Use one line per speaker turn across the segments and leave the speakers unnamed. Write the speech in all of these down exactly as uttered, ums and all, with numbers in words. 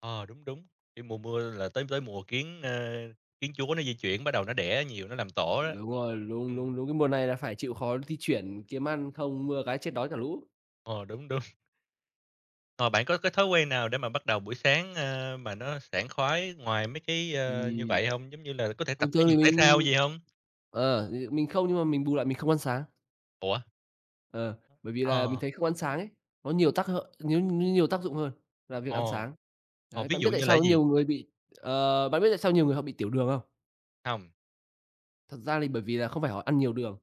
Ờ, đúng, đúng. Cái mùa mưa là tới tới mùa kiến, ơ, kiến chúa nó di chuyển bắt đầu nó đẻ nhiều, nó làm tổ đó.
Đúng rồi, đúng, đúng,
Ừm.
đúng, cái mùa này là phải chịu khó di chuyển, kiếm ăn không mưa cái chết đói cả lũ.
Ờ, đúng, đúng. Ờ, bạn có cái thói quen nào để mà bắt đầu buổi sáng, ờ, mà nó sảng khoái ngoài mấy cái,
Ừm.
ơ, như vậy hông? Giống như là có thể tập
Thường
thể
thường thì
dục, thể thao
mình
gì hông?
ờ, ừ, mình không nhưng mà mình bù lại mình không ăn sáng.
Ủa?
Ờ, bởi vì
Ơ,
là mình
ờ.
thấy không ăn sáng ấy, có nhiều tác hợ nhiêu nhiêu nhiều tác dụng hơn là việc ăn
Ồ.
sáng.
Ờ,
Đấy,
ví
bạn
dụ
biết tại
như
sao
là
có
gì?
nhiều người bị, ờ bạn có biết tại sao nhiều người họ bị tiểu đường không?
Hông.
Thật ra lì, bởi vì là không phải họ ăn nhiều đường,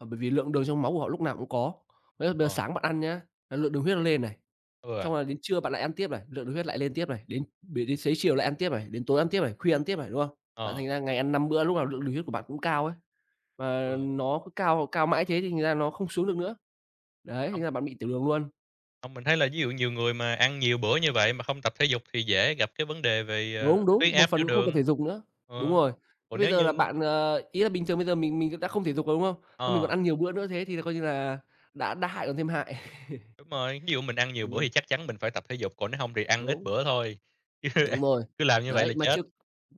mà bởi vì lượng đường trong máu của họ lúc nào cũng có. Đấy, là bây
Ờ.
sáng bạn ăn nhá, là lượng đường huyết nó lên này.
Ừ.
Xong rồi đến trưa bạn lại ăn tiếp này, lượng đường huyết lại lên tiếp này. Đến để đến xế chiều lại ăn tiếp này, đến tối ăn tiếp này, khuya ăn tiếp này, đúng không? Bạn
Ờ.
thành ra ngày ăn năm bữa, lúc nào lượng đường huyết của bạn cũng cao ấy, và
Ừ.
nó cứ cao cao mãi thế thì thành ra nó không xuống được nữa. Đấy, thành
Hông.
ra bạn bị tiểu đường luôn.
Hông, mình thấy là ví dụ nhiều người mà ăn nhiều bữa như vậy mà hông tập thể dục thì dễ gặp cái vấn đề về, à,
Đúng, đúng.
huyết
Một
áp,
phần
tiểu
cũng không tập
đường.
thể dục nữa. Đúng
Ờ.
rồi. Thế
Còn
bây
nếu
giờ
như
là bạn, ờ, ý là bình thường bây giờ mình mình cũng đã không thể dục rồi, đúng không? Xong mình còn
Ờ.
ăn nhiều bữa nữa, thế thì coi như là đã đã hại còn thêm hại.
Đúng rồi, ví dụ mình ăn nhiều bữa thì
Ừm.
chắc chắn mình phải tập thể dục, còn nếu hông thì ăn ít
Đúng.
bữa thôi, chứ ăn
Đúng rồi,
cứ làm như vậy
đấy,
là
mà
chết.
chưa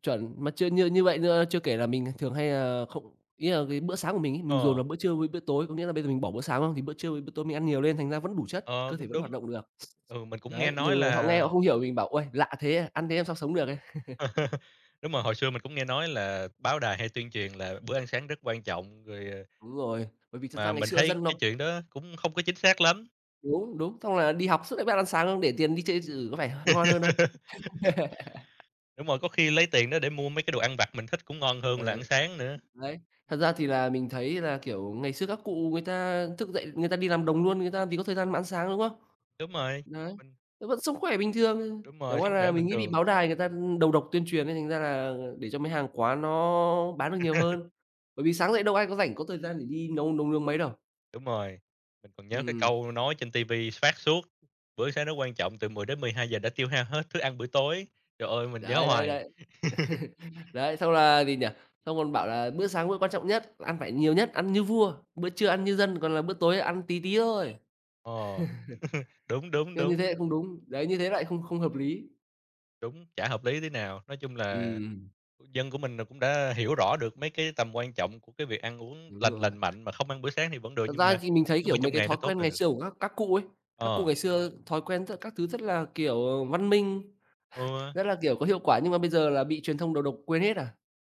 chuẩn mà chưa như như vậy như chưa kể là mình thường hay, ờ, không ý là cái bữa sáng của mình ấy, mình dồn
Ờ.
vào bữa trưa với bữa tối. Có nghĩa là bây giờ mình bỏ bữa sáng, đúng không? Thì bữa trưa với bữa tối mình ăn nhiều lên, thành ra vẫn đủ chất,
Ờ,
cơ thể
cũng
vẫn hoạt
đúng.
động được.
Ừ, mình cũng nghe
Đấy,
nói
nhiều người họ
là
nghe, họ không hiểu mình bảo: "Uầy, lạ thế à, ăn thế làm sao sống được ấy."
Đúng rồi, hồi xưa mình cũng nghe nói là báo đài hay tuyên truyền là bữa ăn sáng rất quan trọng. Rồi, à
Đúng rồi, bởi vì thật ra
Mà
ngày
mình
xưa
thấy
dân nó
cái chuyện đó cũng không có chính xác lắm.
Đúng, đúng, xong là đi học suốt đấy bắt ăn sáng, để tiền đi chơi điện tử có phải h ngon hơn không?
Đúng rồi, có khi lấy tiền đó để mua mấy cái đồ ăn vặt mình thích cũng ngon hơn
Ờ.
là ăn sáng nữa.
Đấy.
Ừm.
Thật ra thì là mình thấy là, kiểu, ngày xưa các cụ người ta thức dậy, người ta đi làm đồng luôn, người ta làm gì có thời gian mà ăn sáng, đúng không?
Đúng rồi,
Đấy,
mình
nó vẫn sống khỏe bình thường, ờ,
Đúng
chẳng
rồi,
qua
sống khỏe
là mình
bình
nghĩ bị
thường.
báo đài người ta, ưm, đầu độc tuyên truyền ấy, thành ra là để cho mấy hàng quán nó bán được nhiều hơn. Bởi vì sáng dậy đâu ai có rảnh, có thời gian để đi nấu nấu nướng mấy đâu.
Đúng rồi, mình còn nhớ cái
Ừm.
câu nói trên TV phát suốt: "Bữa sáng nó quan trọng, từ mười đến mười hai giờ đã tiêu hao hết thức ăn buổi tối." Trời ơi, mình nhớ
Đấy, đấy,
hoài.
đấy. Đấy, xong, là gì nhỉ, xong còn bảo là bữa sáng bữa quan trọng nhất, ăn phải nhiều nhất, ăn như vua, bữa trưa ăn như dân còn là bữa tối ăn tí tí thôi.
Ờ, đúng, đúng,
Nhưng như
đúng.
thế lại không đúng. Đấy, như thế lại không không hợp lý.
Đúng, chả hợp lý tí nào. Nói chung là,
Ừm.
ừ, dân của mình là cũng đã hiểu rõ được mấy cái tầm quan trọng của cái việc ăn uống
Đúng
lành
rồi.
lành mạnh mà không ăn bữa sáng thì vẫn được,
Thật
nhưng
ra
mà
thì mình thấy,
những cái
kiểu,
bữa
mấy
trong
cái
ngày
thói
nó tốt
quen
là
ngày
được.
xưa của các các cụ ấy, các cụ
Ờ.
ngày xưa thói quen với cả các thứ rất là, kiểu, ờ, văn minh,
Ừ.
rất là, kiểu, có hiệu quả. Nhưng mà bây giờ là bị truyền thông đầu độc, quên hết à.